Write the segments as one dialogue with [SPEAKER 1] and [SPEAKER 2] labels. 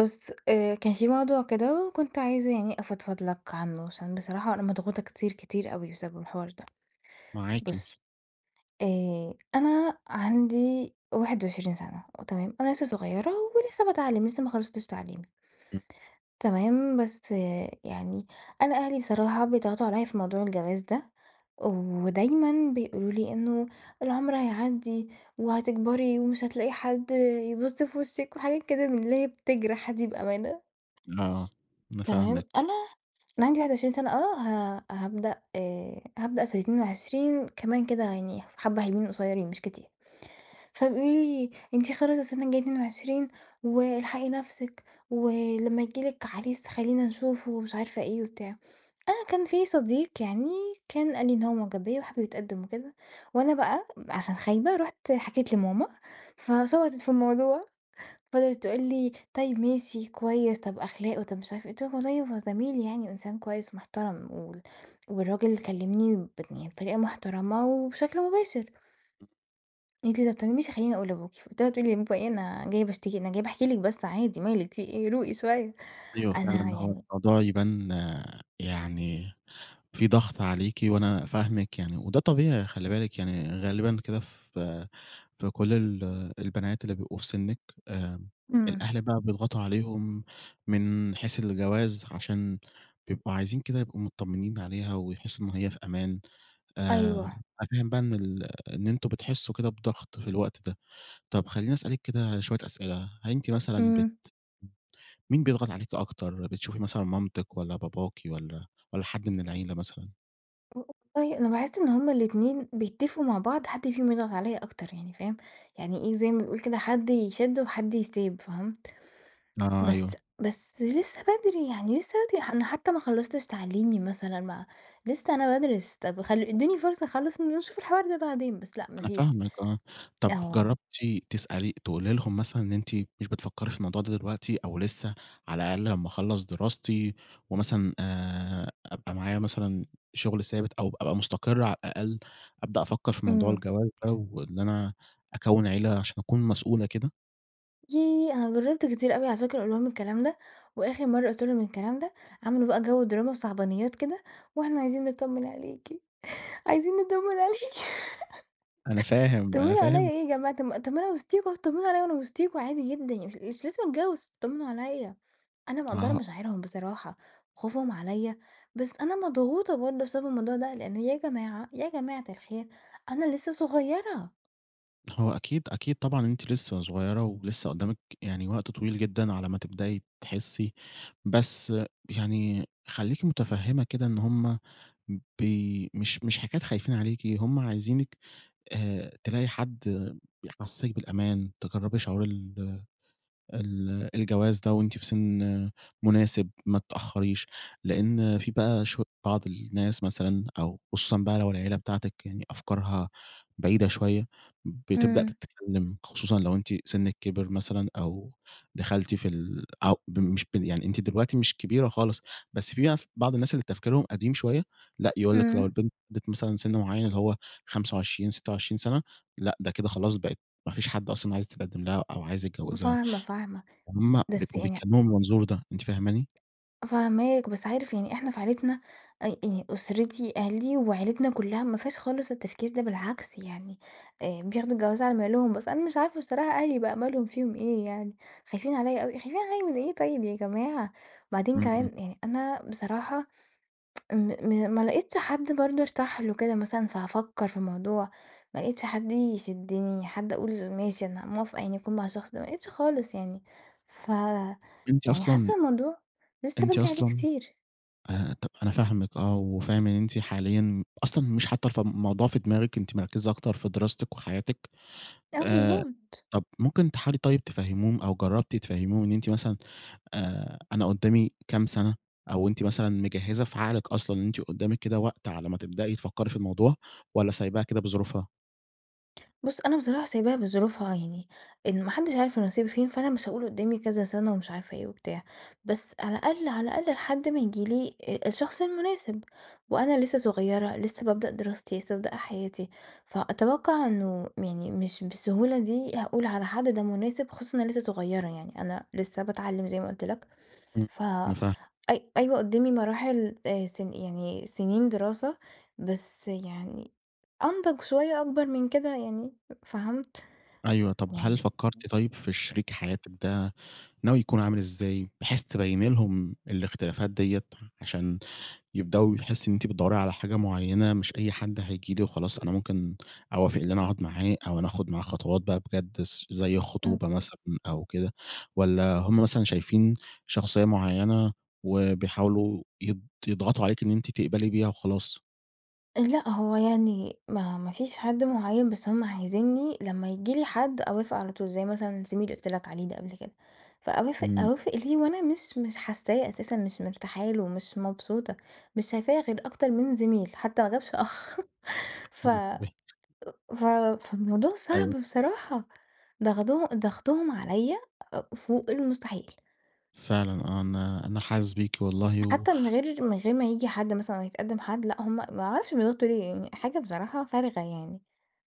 [SPEAKER 1] بُص آآ كان في موضوع كده، وكنت عايزة يعني أفضفض لك عنه، عشان بصراحة أنا مضغوطة كتير، كتير أوي بسبب الحوار ده.
[SPEAKER 2] معاكِ.
[SPEAKER 1] بُص آآ أنا عندي 21 سنة تمام؟ أنا لسه صغيّرة ولسه باتعلم، لسه ما خلصتش تعليمي.
[SPEAKER 2] امم.
[SPEAKER 1] تمام؟ بس يعني أنا أهلي بصراحة بيضغطوا عليَّ في موضوع الجواز ده، ودايمًا بيقولوا لي إنه العمر هيعدّي، وهتكبري، ومش هتلاقي حد يبُص في وشِك، وحاجات كده من اللي هي بتجرح دي بأمانة.
[SPEAKER 2] آه، أنا
[SPEAKER 1] تمام؟
[SPEAKER 2] فاهمِك.
[SPEAKER 1] أنا أنا عندي 21 سنة آه ه هابدأ هابدأ في ال22 كمان كده يعني حبّة حلوين قصيرين مش كتير. فبيقولوا لي أنتِ خلاص السنة الجاية 22، والحقي نفسِك، ولما ييجي لِك عريس خلّينا نشوفه ومش عارفة إيه وبتاع. أنا كان في صديق يعني كان قال لي إن هو معجب بيّا وحابب يتقدم وكده، وأنا بقى عشان خايبة رُحت حكيت لماما فشبطت في الموضوع. فِضلت تقول لي: "طيّب ماشي كويس، طب أخلاقه، طب مش عارفة إيه" قُلت لها: "والله هو زميل يعني، وإنسان كويس ومحترم، وال والراجل كلّمني ب يعني بطريقة محترمة وبشكل مباشر."
[SPEAKER 2] امم.
[SPEAKER 1] قالت لي: "طب تمام ماشي خلّيني أقول لأبوكِ." قُلت لها: "تقولي لبابا إيه أنا جاية باشتكي! أنا جاية باحكي لِك بس عادي، مالِك في إيه روقي شوية!"
[SPEAKER 2] أيوه
[SPEAKER 1] أنا
[SPEAKER 2] فعلًا، هو
[SPEAKER 1] يعني
[SPEAKER 2] الموضوع يبان يعني في ضغط عليكِ، وأنا فاهمِك يعني وده طبيعي خلّي بالِك يعني غالبًا كده في في كل ال البنات اللي بيبقوا في سِنّك، آمم
[SPEAKER 1] امم.
[SPEAKER 2] الأهل بقى بيضغطوا عليهم من حيث الجواز، عشان بيبقوا عايزين كده يبقوا متطمّنين عليها، ويحسّوا إن هي في أمان. آآ
[SPEAKER 1] أيوه.
[SPEAKER 2] أنا فاهم بقى إن ال إن أنتم بتحسّوا كده بضغط في الوقت ده. طب خلّيني أسألِك كده شوية أسئلة، هل أنتِ مثلًا بت
[SPEAKER 1] امم.
[SPEAKER 2] مين بيضغط عليكِ أكتر؟ بتشوفي مثلًا مامتِك والّا باباكِ والّا والّا حد من العيلة مثلًا؟
[SPEAKER 1] [unintelligible] والله أنا باحس إن هم الاتنين بيتفقوا مع بعض. حد فيهم يضغط علّيا أكتر يعني فاهم؟ يعني إيه زي ما بيقول كده، حد يشِد وحد يسيب فهمت؟
[SPEAKER 2] آه،
[SPEAKER 1] بس
[SPEAKER 2] أيوه.
[SPEAKER 1] بس لسّه بدري. يعني لسّه بدري ح أنا حتّى ما خلّصتش تعليمي مثلًا ما لسّه أنا بادرس. طب خل ادّوني فرصة أخلّص ونشوف الحوار ده بعدين. بس لأ ما
[SPEAKER 2] أنا
[SPEAKER 1] فيش.
[SPEAKER 2] فاهمِك آه. طب
[SPEAKER 1] آه.
[SPEAKER 2] جرّبتِ تسألي تقولي لهم مثلًا إن أنتِ مش بتفكّري في الموضوع ده دلوقتي أو لسّه على الأقل لمّا أخلّص دراستي ومثلًا آآ أبقى معايا مثلًا شغل ثابت أو أبقى مستقرة على الأقل، أبدأ أفكّر في موضوع
[SPEAKER 1] إمم.
[SPEAKER 2] الجواز ده، وإن أنا أكوِّن عيلة عشان أكون مسؤولة كده؟
[SPEAKER 1] ييه! أنا جرّبت كتير أوي على فكرة أقول لهم الكلام ده، وآخر مرّة قُلت لهم الكلام ده عملوا بقى جو دراما وصعبانيات كده وإحنا عايزين نطّمن عليكِ، عايزين نطّمن عليكِ.
[SPEAKER 2] أنا فاهم، أنا
[SPEAKER 1] تطّمنوا عليّا
[SPEAKER 2] فاهم
[SPEAKER 1] إيه جماعة! طب ما طب ما أنا وسطيكم اتطمّنوا عليّا منا وسطيكم عادي جدًا يعني مش مش لازم أتجوِّز اتطمّنوا عليّا. أنا مِقدّرة
[SPEAKER 2] آه.
[SPEAKER 1] مشاعرهم بصراحة، خوفهم عليّا. بس أنا مضغوطة برضه بسبب الموضوع ده. لإن يا جماعة، يا جماعة الخير أنا لسّه صغيرة.
[SPEAKER 2] هو أكيد، أكيد طبعًا أنتِ لسه صغيرة ولسه قُدّامِك يعني وقت طويل جدًا على ما تبدئي تحسّي. بس يعني خلّيكِ متفهّمة كده إن هُم ب مش مش حكاية خايفين عليكِ، هُم عايزينِك آآ، تلاقي حد بيحسّسِك بالأمان، تجرّبي شعور ال ال الجواز ده وأنتِ في سِن مناسِب، ما تتأخّريش. لأن في بقى شو بعض الناس مثلًا أو خصوصًا بقى لو العيلة بتاعتِك يعني أفكارها بعيدة شوية، بتبدأ
[SPEAKER 1] امم.
[SPEAKER 2] تتكلّم، خصوصًا لو أنتِ سنِّك كبِر مثلًا أو دخَلتِ في ال أو ب مش ب يعني أنتِ دلوقتي مش كبيرة خالص، بس في ناس بعض الناس اللي تفكيرهم قديم شوية لأ، يقول لِك لو
[SPEAKER 1] امم.
[SPEAKER 2] البنت بلَغِت مثلًا سِن معيّن اللي هو 25، 26 سَنة، لأ ده كده خلاص بقِت ما فيش حد أصلًا عايز يتقدِّم لها أو عايز يتجوّزها.
[SPEAKER 1] فاهمة، فاهمة.
[SPEAKER 2] هُم
[SPEAKER 1] بس
[SPEAKER 2] بيبقوا
[SPEAKER 1] يعني ع
[SPEAKER 2] بيتكلّموا من المنظور ده، أنتِ فاهماني؟
[SPEAKER 1] فاهماك، بس عارف يعني إحنا في عيلتنا أ ي أُسرتي، عيلتي وعيلتنا كُلّها ما فيهاش خالص التفكير ده، بالعكس يعني آآ، بياخدوا الجواز على مهلهم. بس أنا مش عارفة بصراحة أهلي بقى مالهم، فيهم إيه يعني، خايفين عليَّ أوي، خايفين عليَّ من إيه طيب يا جماعة؟! وبعدين
[SPEAKER 2] امم، امم.
[SPEAKER 1] كمان يعني أنا بصراحة م ما لقيتش حد برضه أرتاح له كده مثلًا فهافكّر في الموضوع، ما لقيتش حد يشدِّني، حد أقول ماشي أنا موافقة يعني أكون مع الشخص ده، ما لقيتش خالص يعني. ف
[SPEAKER 2] أنتِ
[SPEAKER 1] يعني
[SPEAKER 2] أصلًا
[SPEAKER 1] حاسّة الموضوع لسه
[SPEAKER 2] أنتِ
[SPEAKER 1] بدري عليه
[SPEAKER 2] أصلًا
[SPEAKER 1] كتير.
[SPEAKER 2] آآ، طَب أنا فاهمِك آه، وفاهم إن أنتِ حاليًا أصلًا مش حاطّة الف الموضوع في دماغِك، أنتِ مركِّزة أكتر في دراستِك وحياتِك.
[SPEAKER 1] آه،
[SPEAKER 2] آآ،
[SPEAKER 1] بالضبط.
[SPEAKER 2] طَب ممكن تحاولي طيب تفهّميهم أو جرّبتِ تفهّميهم إن أنتِ مثلًا آآ، أنا قُدّامي كام سَنة أو أنتِ مثلًا مجهِّزة في عقلِك أصلًا أن أنتِ قُدّامِك كده وقت على ما تبدئي تفكّري في الموضوع والّا سايباها كده بظروفها؟
[SPEAKER 1] بُصّ أنا بصراحة سايباها بظروفها يعني، إن ما حدش عارف النصيب فين. فأنا مش هاقول قدامي كذا سنة ومش عارفة إيه وبتاع، بس على الأقل، على الأقل لحد ما ييجي لي أ الشخص المناسب. وأنا لسه صغيرة لسه بابدأ دراستي، لسه بابدأ حياتي، فأتوقع إنه يعني مش بالسهولة دي هاقول على حد ده مناسب، خصوصًا إن أنا لسه صغيرة يعني أنا لسه باتعلم زي ما قُلت لَك
[SPEAKER 2] امم
[SPEAKER 1] ف
[SPEAKER 2] أنا فاه
[SPEAKER 1] أي أيوة قدامي مراحل آآ سن يعني سنين دراسة، بس يعني أنضج شوية أكبر من كده يعني فهمت؟
[SPEAKER 2] أيوه، طب هل
[SPEAKER 1] يعني
[SPEAKER 2] فكرتِ طيب، في شريك حياتك ده، ناوي يكون عامل إزاي، بحيث تبيني لهم الاختلافات ديّة عشان يبدؤوا يحسوا إن أنتِ بتدوري على حاجة مُعينة، مش أي حد هييجي لي وخلاص أنا مُمكن أوافق، اللي أنا أقعد معاه أو أنا آخد معاه خطوات بقى بجد س زي
[SPEAKER 1] امم.
[SPEAKER 2] خطوبة مثلًا، أو كده والّا هُم مثلًا شايفين شخصية معينة وبيحاولوا يض يضغطوا عليكِ إن أنتِ تقبلي بيها وخلاص؟
[SPEAKER 1] أ لأ، هوَ يعني ما ما فيش حد مُعين بس هُم عايزينّي لمّا ييجي لي حد أوافق على طول. زي مثلًا زميلي اللي قُلت لَك عليه ده قبل كده. فأوافق،
[SPEAKER 2] امم.
[SPEAKER 1] أوافق ليه وأنا مش مش حاسّاه أساسًا مش مرتاحه له، مش مبسوطة، مش شايفاه غير أكتر من زميل، حتى ما جابش أخ ف أأ
[SPEAKER 2] [unintelligible]
[SPEAKER 1] ف فالموضوع
[SPEAKER 2] أيوه.
[SPEAKER 1] صعب بصراحة ضغضه ضغطهم عليَّ أأ فوق المستحيل.
[SPEAKER 2] فعلًا آه، أنا أنا حاسِس بيكِ والله و
[SPEAKER 1] حتى من غير من غير ما ييجي حد مثلًا لو هيتقدم حد لأ، هُم ما أعرفش بيضغطوا ليه يعني حاجة بصراحة فارغة يعني.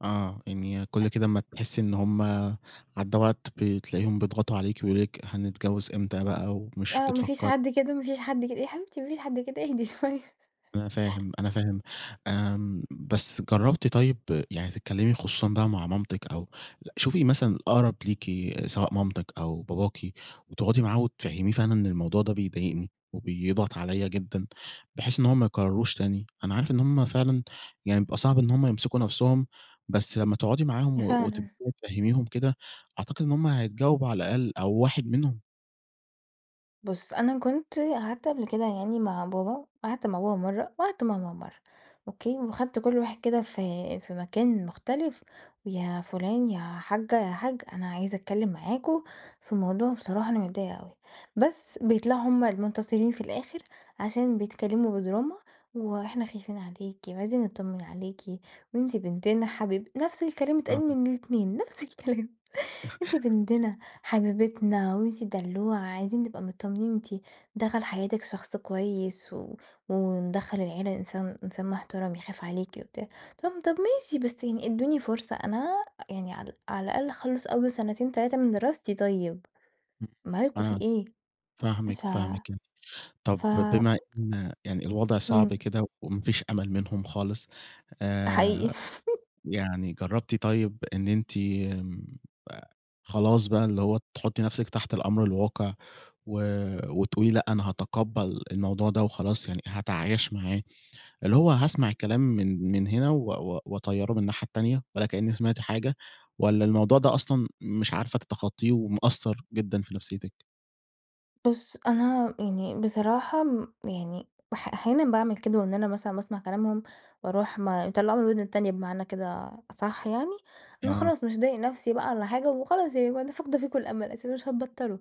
[SPEAKER 2] آه، يعني
[SPEAKER 1] أ
[SPEAKER 2] كل كده أمّا تحسّي إن هُم عدّى وقت، بتلاقيهم بيضغطوا عليكِ ويقولوا لِك: "هنتجوّز إمتى بقى ومش
[SPEAKER 1] آه، ما فيش
[SPEAKER 2] بتفكّري"
[SPEAKER 1] حد كده، ما فيش حد كده، يا حبيبتي ما فيش حد كده إيه؟ إهدي شوية.
[SPEAKER 2] أنا فاهم، أنا فاهم آمم، بس جرّبتِ طيب يعني تتكلّمي، خصوصًا بقى مع مامتِك أو شوفي مثلًا الأقرَب ليكِ سواء مامتِك أو باباكِ وتقعُدي معاه وتفهّميه فعلًا أن الموضوع ده بيضايقني وبيضغط عليَّ جدًا، بحيث إن هو ما يكرّرهوش تاني؟ أنا عارف إن هُم فعلًا يعني بيبقى صعب إن هُم يمسِكوا نفْسهم، بس لمّا تقعُدي معاهم و
[SPEAKER 1] فعلًا.
[SPEAKER 2] وتبدئي تفهّميهم كده، أعتقد إن هُم هيتجاوبوا على الأقل أو واحد منهم.
[SPEAKER 1] بُص، أنا كنت قعَدت قبْل كده يعني مع بابا، قعَدت مع بابا مرَّة وقعَدت مع ماما مرَّة، أوكي؟ وخَدت كل واحد كده في في مكان مختلِف ويا فُلان، يا حاجّة يا حاج، أنا عايزة أتكلّم معاكم في الموضوع، بصراحة أنا متضايقة أوي. بس بيطلَعوا هُم المنتصرين في الآخر، عشان بيتكلّموا بدراما وإحنا خايفين عليكِ، وعايزين نتطّمن عليكِ، وأنتِ بنتنا حبيب نفْس الكلام بيتقال
[SPEAKER 2] آه.
[SPEAKER 1] من الإتنين، نفْس الكلام. أنتِ بنتنا، حبيبتنا وأنتِ الدلّوعه، عايزين نبقى متطمّنين أنتِ دخَل حياتِك شخص كويس و وندخّل العيلة إنسان إنسان محترَم يخاف عليكِ وبتاع، طَب طَب ماشي، بس يعني إدّوني فرصة أنا يعني ع على الأقل أخلّص أول سنتين 3 من دراستي طيب.
[SPEAKER 2] امم،
[SPEAKER 1] مالكم في
[SPEAKER 2] أنا
[SPEAKER 1] إيه
[SPEAKER 2] فاهمِك،
[SPEAKER 1] ف
[SPEAKER 2] فاهمِك. طَب
[SPEAKER 1] ف
[SPEAKER 2] بما إن يعني الوضع صعب
[SPEAKER 1] امم.
[SPEAKER 2] كده وما فيش أمَل منهم خالص
[SPEAKER 1] حقيقي.
[SPEAKER 2] آآ، يعني جرّبتِ طيب إن أنتِ آآ خلاص بقى اللي هو تحطّي نفسِك تحت الأمر الواقع و وتقولي لأ، أنا هاتقبّل الموضوع ده وخلاص، يعني هاتعايش معاه. اللي هو هاسمَع الكلام من من هنا و و وأطيّره من الناحية التانية ولا كأني سمِعت حاجة والّا الموضوع ده أصلًا مش عارفة تتخطّيه ومأثّر جدًا في نفسيّتِك؟
[SPEAKER 1] بُص أنا يعني بصراحة امم يعني بح أحيانًا باعمل كده وإن أنا مثلًا باسمع كلامهم وأروح ما باطلعه من الوِدن التانية بمعنى كده أصح يعني، لأن
[SPEAKER 2] آه.
[SPEAKER 1] خلاص مش هاضايق نفسي بقى والّا حاجة وخلاص يعني أنا فاقدة فيكم الأمل أساسًا مش هتبطلوا.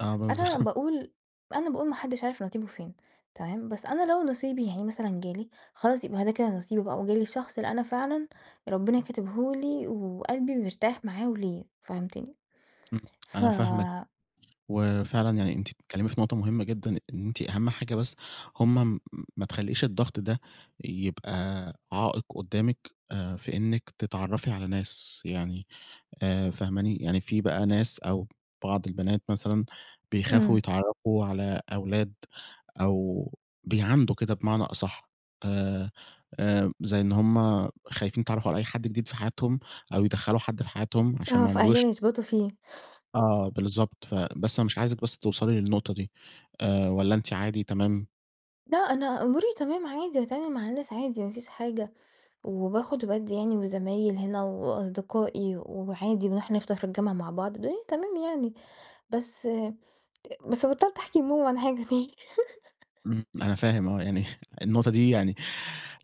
[SPEAKER 2] أنا برضه.
[SPEAKER 1] أنا باقول أنا باقول ما حدش عارف نصيبه فين، تمام، بس أنا لو نصيبي يعني مثلًا جالي، خلاص يبقى ه ده كده نصيبي بقى وجالي الشخص اللي أنا فعلًا ربنا كاتبه لي وقلبي مرتاح معاه وليه، فهمتني؟
[SPEAKER 2] امم،
[SPEAKER 1] ف
[SPEAKER 2] أنا فاهمِك وفعلًا يعني أنتِ بتتكلمي في نقطة مهمة جدًا إن أنتِ أهم حاجة بس هُم ما تخلّيش الضغط ده يبقى عائق قدّامِك آآ في إنِك تتعرفي على ناس، يعني آآ فاهماني؟ يعني في بقى ناس أو بعض البنات مثلًا بيخافوا
[SPEAKER 1] إمم.
[SPEAKER 2] يتعرَّفوا على أولاد أو بيعاندوا كده بمعنى أصح، آآ آآ زي إن هُم خايفين يتعرَّفوا على أي حد جديد في حياتهم، أو يدخَّلوا حد في حياتهم عشان
[SPEAKER 1] آه،
[SPEAKER 2] ما عمروش
[SPEAKER 1] فأهلنا يشبطوا فيه.
[SPEAKER 2] آه بالضبط، ف بس أنا مش عايزِك بس توصَلي للنقطة دي، آآ والّا أنتِ عادي تمام؟
[SPEAKER 1] لأ، أنا أموري تمام عادي، باتعامل مع الناس عادي ما فيش حاجة، وباخد وبادّي يعني، وزمايل هنا وأصدقائي وعادي، بنروح نفطر في الجامعة مع بعض الدنيا تمام يعني، بس أ بس بطلت أحكي لماما عن حاجة تاني
[SPEAKER 2] امم أنا فاهم آه، يعني النقطة دي يعني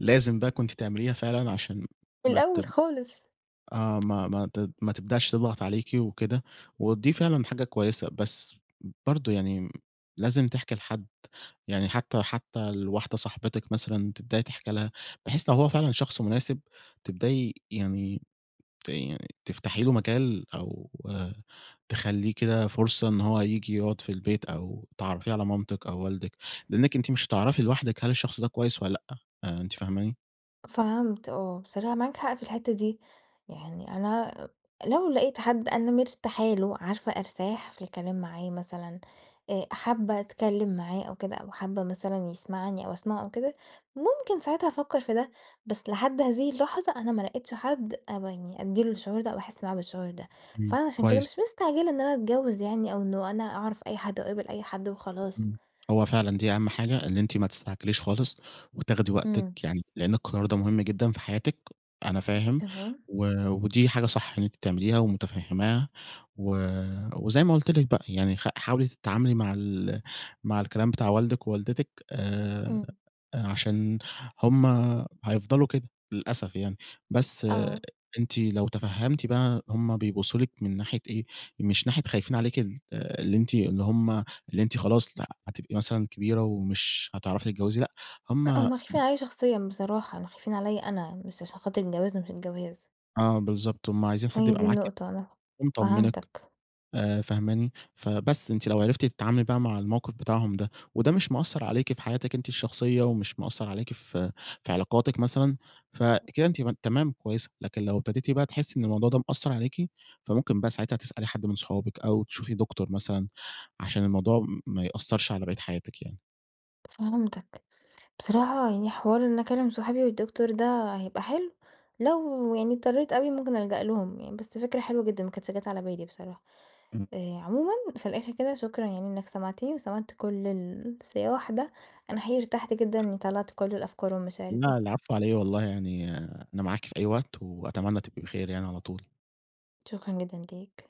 [SPEAKER 2] لازم بقى كُنتِ تعمليها فعلًا عشان ما
[SPEAKER 1] الأول
[SPEAKER 2] تـب
[SPEAKER 1] خالص.
[SPEAKER 2] آه ما ما ما تد ما تبدأش تضغط عليكِ وكده، ودي فعلًا حاجة كويسة بس برضه يعني لازم تحكي لحد يعني حتى حتى لواحدة صاحبتِك مثلًا تبدأي تحكي لها بحيث لو هو فعلًا شخص مناسب تبدأي يعني ت تفتحي له مجال أو تخلّيه كده فرصة إن هو هييجي يقعد في البيت، أو تعرّفيه على مامتِك أو والدِك لإنِك أنتِ مش هتعرفي لوحدِك هل الشخص ده كويس والّا لأ، آآ أنتِ فاهماني؟
[SPEAKER 1] فهمت آه، بصراحة معاك حق في الحتة دي. يعني أنا أ لو لقيت حد أنا مرتاحة له، عارفة أرتاح في الكلام معاه مثلًا آآ حابة أتكلم معاه أو كده أو حابة مثلًا يسمعني أو أسمعه أو كده ممكن ساعتها أفكر في ده بس لحد هذه اللحظة أنا ما لقيتش حد أب يعني أدي له الشعور ده أو أحس معاه بالشعور ده،
[SPEAKER 2] امم
[SPEAKER 1] فأنا عشان كده
[SPEAKER 2] كويس.
[SPEAKER 1] مش مستعجلة إن أنا أتجوز يعني أو إنه أنا أعرف أي حد، وأقابل أي حد وخلاص.
[SPEAKER 2] امم هو فعلًا دي أهم حاجة، إن أنتِ ما تستعجليش خالص وتاخدي وقتِك
[SPEAKER 1] امم.
[SPEAKER 2] يعني، لأن القرار ده مُهم جدًا في حياتِك، أنا
[SPEAKER 1] أأ
[SPEAKER 2] فاهم
[SPEAKER 1] تمام.
[SPEAKER 2] و ودي حاجة صح اللي أنتِ بتعمليها ومتفهِماها و وزي ما قُلت لِك بقى، يعني خ حاولي تتعاملي مع ال مع الكلام بتاع والدِك ووالدتِك آآ
[SPEAKER 1] امم.
[SPEAKER 2] أ عشان هُم هيفضلوا كده. للأسف يعني، بس
[SPEAKER 1] آه.
[SPEAKER 2] أنتِ لو تفهمتي بقى هُم بيبصوا لِك من ناحية إيه، مش ناحية خايفين عليكِ اللي أنتِ اللي هُم اللي أنتِ خلاص لأ، هتبقي مثلًا كبيرة، ومش هتعرفي تتجوزي لأ،
[SPEAKER 1] لأ،
[SPEAKER 2] هُم
[SPEAKER 1] هُم خايفين عليَّ شخصيًا بصراحة، يعني خايفين عليَّ أنا مش عشان خاطر الجواز ومش الجواز.
[SPEAKER 2] آه بالضبط. هُم عايزين حد
[SPEAKER 1] هي دي
[SPEAKER 2] يبقى معاكِ،
[SPEAKER 1] النقطة وأنا
[SPEAKER 2] ومطمنِك،
[SPEAKER 1] فهمتك.
[SPEAKER 2] آآ فاهماني فبس، أنتِ لو عرفتِ تتعاملي بقى مع الموقف بتاعهم ده، وده مش مأثّر عليكِ في حياتِك أنتِ الشخصية، ومش مأثّر عليكِ في في علاقاتِك مثلًا، فكده أنتِ م تمام كويسة، لكن لو ابتديتِ بقى، تحسي إن الموضوع ده مأثّر عليكِ، فمُمكن بقى ساعتها تسألي حد من صُحابِك، أو تشوفي دكتور مثلًا، عشان الموضوع ما يأثرش على بقية حياتِك يعني.
[SPEAKER 1] فهمتك بصراحة، يعني حوار إني أكلم صُحابي والدكتور ده هيبقى حلو لو، يعني اضطريت أوي مُمكن ألجأ لهُم يعني، بس فكرة حلوة جدًا، ما كانتش جات على بالي بصراحة.
[SPEAKER 2] امم.
[SPEAKER 1] آآ عمومًا في الآخر كده، شكرًا يعني إنك سمعتني، وسمعت كل الصياح ده، أنا حقيقي ارتحت جدًا إني طلّعت كل الأفكار والمشاعر دي.
[SPEAKER 2] لأ، العفو علي إيه والله يعني، أنا معاكِ في أي وقت، وأتمنى تبقي بخير يعني على طول
[SPEAKER 1] شكرًا جدًا ليك.